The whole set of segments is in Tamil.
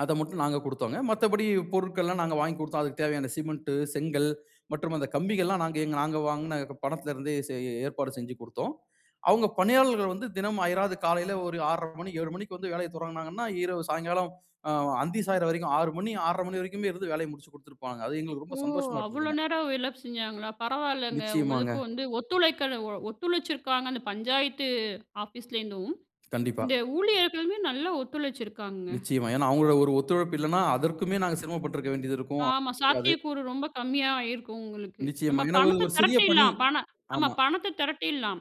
அத மட்டும் நாங்க கொடுத்தோங்க. மத்தபடி பொருட்கள்லாம் நாங்க வாங்கி கொடுத்தோம். அதுக்கு தேவையான சிமெண்ட், செங்கல் மற்றும் அந்த கம்பிகள் எல்லாம் நாங்க எங்க நாங்க வாங்கின பணத்தில இருந்தே செய் ஏற்பாடு செஞ்சு கொடுத்தோம். அவுங்க பணியாளர்கள் வந்து தினமும் அயராது காலையில ஒரு 6:30 மணி, 7:00 மணிக்கு வந்து வேலைய தொடங்குனாங்கன்னா, இரவு சாயங்காலம், ஆ அந்தி சாயிற வரைக்கும் 6:00 மணி, 6:30 மணி வரைக்குமே இருந்து வேலைய முடிச்சுக் குடுதுட்டு போனாங்க. அது எங்களுக்கு ஓ! ரொம்ப சந்தோஷமா அவ்ளோ இருந்ததுங்க. நேரம் வேல செஞ்சாங்களா? பரவாயில்லங்க. நிச்சயமாங்க. உங்களுக்கு வந்து ஒத்துழைக்கல ஒத்துழைச்சிருக்காங்க. அந்த பஞ்சாயத்து ஆஃபீஸ்லேருந்தும். கண்டிப்பா. இந்த ஊழியர்களுமே நல்லா ஒத்துழைச்சிருக்காங்கங்க. நிச்சயமா. ஏனா, அவுங்களோட ஒரு ஒத்துழைப்பு இல்லன்னா, அதற்குமே நாங்க சிரமப்பட்டிருக்க வேண்டியது இருக்கும் ஆமா. [unintelligible] சாத்தியக்கூறு ரொம்ப கம்மியாயிருக்கும் உங்களுக்கு. நம்ம நிச்சயமா, ஏன்னா ஒ பணத்த ஒரு சிறிய பணி. திரட்டிர்லாம். பண ஆமா. ஆமா. பணத்த திரட்டிர்லாம்.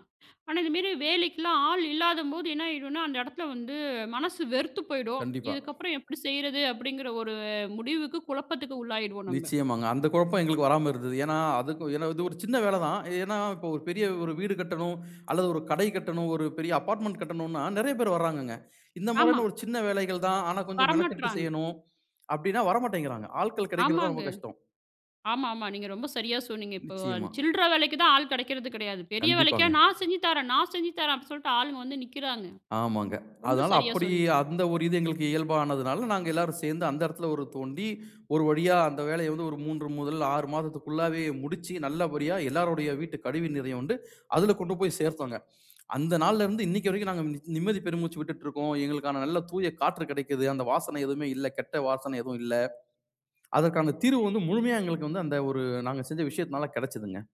ஆனா, இதுமேரி வேலைக்கெல்லாம் ஆள் இல்லாதம்போது என்ன ஆயிடுன்னா, அந்த இடத்துல வந்து மனசு வெறுத்து போயிடும். கண்டிப்பா. இதுக்கப்பறம் எப்பிடி செய்யிறது? அப்பிடிங்கிற ஒரு முடிவுக்கு குழப்பத்துக்கு உள்ளாயிடுவோம் நம்ப. நிச்சயமாங்க. அந்த குழப்பம் எங்களுக்கு வராம இருந்தது. ஏனா, அதுக்கு ஏனா இது ஒரு சின்ன வேல தான். ஏனா இப்ப ஒரு பெரிய வீடு கட்டணும் அல்லது ஒரு கடை கட்டணும், ஒரு பெரிய அபார்ட்மெண்ட் கட்டணுனா, நிறைய பேர் வர்றாங்கங்க. இந்த ஆமா. மாரியான ஒரு சின்ன வேலைகள் தான், ஆனா கொஞ்சம் மெனக்கட்டு வரமாட்றாங்க. செய்யணும், அப்பிடின்னா வரமாட்டேங்கிறாங்க. ஆட்கள் கிடைக்கிறது தான் ஆமாங்க. ரொம்ப கஷ்டம். ஆமா, ஆமா. நீங்க ரொம்ப சரியா சொன்னீங்க. இப்போ நிச்சயமா. சில்லற வேலைக்கு தான் ஆள் கிடைக்கிறது கிடையாது. பெரிய வேலைக்கா கண்டிப்பாங்க. நான் செஞ்சு தரேன், நான் செஞ்சு தரேன், அப்பிடின்னு சொல்ட்டு ஆளுங்க வந்து நிக்கிறாங்க. ஆமாங்க. ரொம்ப அதனால சரியாக அப்பிடி சொன்னீங்க. அந்த ஒரு இது எங்களுக்கு இயல்பானதுனால, நாங்க எல்லாரும் சேர்ந்து அந்த இடத்தில ஒரு தோண்டி, ஒரு வழியா அந்த வேலைய வந்து ஒரு 3 முதல் 6 மாதத்திற்குள்ளாவே முடிச்சு, நல்லபடியா எல்லாருடைய வீட்டு கழிவு நீரையும் வந்து, அதில கொண்டு போய் சேர்த்தோங்க. அந்த நாள்ல இருந்து இன்னைக்கி வரைக்கும் நாங்க நிம்மதி பெருமூச்சு விட்டுட்டு இருக்கோம், எங்களுக்கான நல்ல தூய காற்று கிடைக்கிது, அந்த வாசனை எதுவுமே இல்ல. கெட்ட வாசனை எதுவும் இல்ல. அதற்கான தீர்வு வந்து முழுமையா எங்களுக்கு வந்து அந்த ஒரு நாங்க செஞ்ச விஷயத்தினால கிடைச்சதுங்க.